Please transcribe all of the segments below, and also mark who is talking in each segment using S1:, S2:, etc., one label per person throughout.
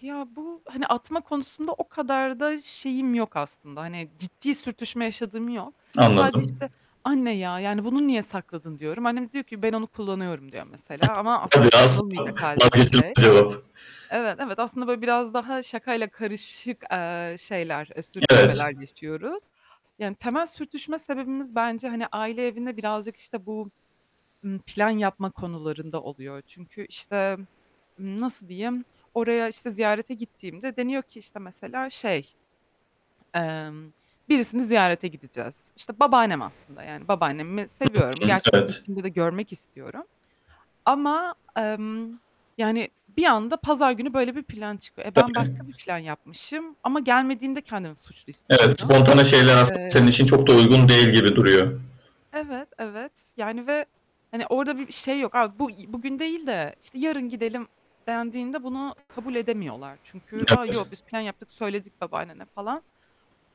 S1: Ya bu hani atma konusunda o kadar da şeyim yok aslında hani ciddi sürtüşme yaşadığım yok. Sadece
S2: Anladım.
S1: işte "Anne ya, yani bunu niye sakladın?" diyorum. Annem diyor ki; "Ben onu kullanıyorum." diyor mesela, ama aslında kullanılmayacak halde bir şey.
S2: [unintelligible]
S1: Evet evet, aslında böyle biraz daha şakayla karışık, eee, şeyler, eee, sürtüşmeler
S2: Evet.
S1: yaşıyoruz, yani temel sürtüşme sebebimiz bence hani aile evine birazcık işte bu, ımm, plan yapma konularında oluyor. Çünkü işte nasıl diyeyim, oraya işte ziyarete gittiğimde deniyor ki işte mesela şey, emm, birisini ziyarete gideceğiz. İşte babaannem aslında, yani babaannemi
S2: Hı
S1: seviyorum.
S2: hı.
S1: Gerçekten
S2: Evet.
S1: gittiğimde de görmek istiyorum ama, emm, yani bir anda pazar günü böyle bir plan çıkıyor. E, ben başka bir
S2: [unintelligible]
S1: plan yapmışım ama gelmediğimde kendimi suçlu
S2: Evet,
S1: hissediyorum.
S2: spontane şeyler aslında
S1: Eee
S2: senin için çok da uygun değil gibi duruyor.
S1: Evet evet, yani ve hani orada bir şey yok, aaa, bu bugün değil de işte yarın gidelim dendiğinde bunu kabul edemiyorlar. Çünkü a, yok
S2: Evet.
S1: biz plan yaptık, söyledik babaannene falan.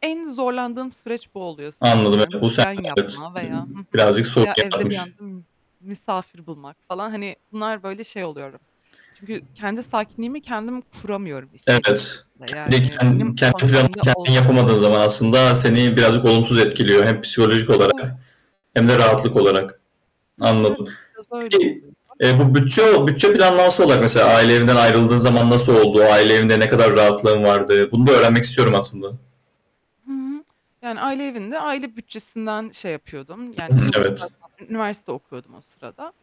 S1: En zorlandığım süreç bu oluyor sanırım.
S2: Anladım
S1: Yani
S2: evet.
S1: bu
S2: Bu sende
S1: plan
S2: evet.
S1: yapma veya, hı hı,
S2: Birazcık sorun
S1: veya evde bir
S2: yaratmış.
S1: anda misafir bulmak falan hani bunlar böyle şey oluyorum. Çünkü kendi sakinliğimi kendim kuramıyorum istediğim
S2: Evet.
S1: şekilde yani
S2: Kendi
S1: benim
S2: kendi planını
S1: kontrolümde
S2: kendin
S1: ol
S2: yapamadığın zaman aslında seni birazcık olumsuz etkiliyor hem psikolojik olarak
S1: Evet.
S2: hem de rahatlık
S1: [unintelligible]
S2: olarak.
S1: Evet,
S2: Anladım.
S1: biraz öyle
S2: Peki,
S1: oluyor.
S2: eee, bu bütçe bütçe planlanması olarak mesela aile evinden ayrıldığın zaman nasıl oldu? Aile evinde ne kadar rahatlığın vardı? Bunu da öğrenmek istiyorum aslında.
S1: Hı hı. Yani aile evinde aile bütçesinden şey yapıyordum yani
S2: Hı hı.
S1: çalış,
S2: Evet.
S1: zaten üniversite okuyordum o sırada.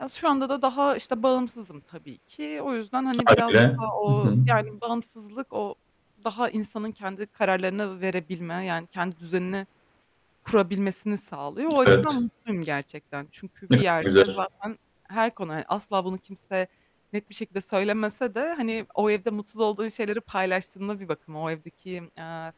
S1: Ya, şu anda da daha işte bağımsızım tabii ki. O yüzden hani biraz
S2: Hâliyle.
S1: daha
S2: Hı
S1: o,
S2: hı.
S1: yani bağımsızlık o daha insanın kendi kararlarını verebilme, yani kendi düzenini kurabilmesini sağlıyor. O açıdan
S2: Evet.
S1: mutluyum gerçekten, çünkü
S2: Ne
S1: bir
S2: kadar
S1: yerde
S2: güzel.
S1: zaten her konu, hani asla bunu kimse net bir şekilde söylemese de, hani o evde mutsuz olduğun şeyleri paylaştığında bir bakıma o evdeki, eee,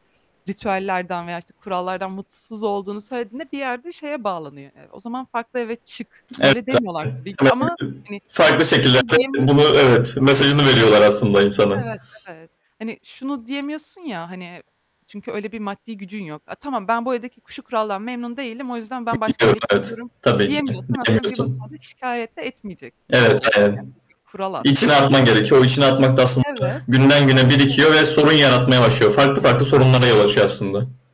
S1: ritüellerden veya işte kurallardan mutsuz olduğunu söylediğinde bir yerde şeye bağlanıyor. Eee, o zaman farklı eve çık.
S2: Evet.
S1: Böyle demiyorlar tabii ki ama hani
S2: [unintelligible] farklı
S1: bunu
S2: şekillerde
S1: diyemeyiz.
S2: bunu evet
S1: E
S2: mesajını veriyorlar aslında insana.
S1: Evet evet. Hani şunu diyemiyorsun ya, hani çünkü öyle bir maddi gücün yok. Eee, tamam ben bu evdeki şu kuraldan memnun değilim. O yüzden ben başka eve
S2: [unintelligible] Evet.
S1: çıkıyorum
S2: Tabii ki.
S1: diyemiyorsan aslında bir
S2: Diyemiyorsun.
S1: bakıma da şikayet de etmeyeceksin gibi
S2: Evet,
S1: olur,
S2: aynen.
S1: [unintelligible] kural
S2: İçine
S1: aslında.
S2: atman gerekiyor. O içine atmak da aslında
S1: Evet.
S2: günden güne birikiyor
S1: [unintelligible]
S2: ve sorun yaratmaya başlıyor. Farklı farklı sorunlara yol açıyor aslında.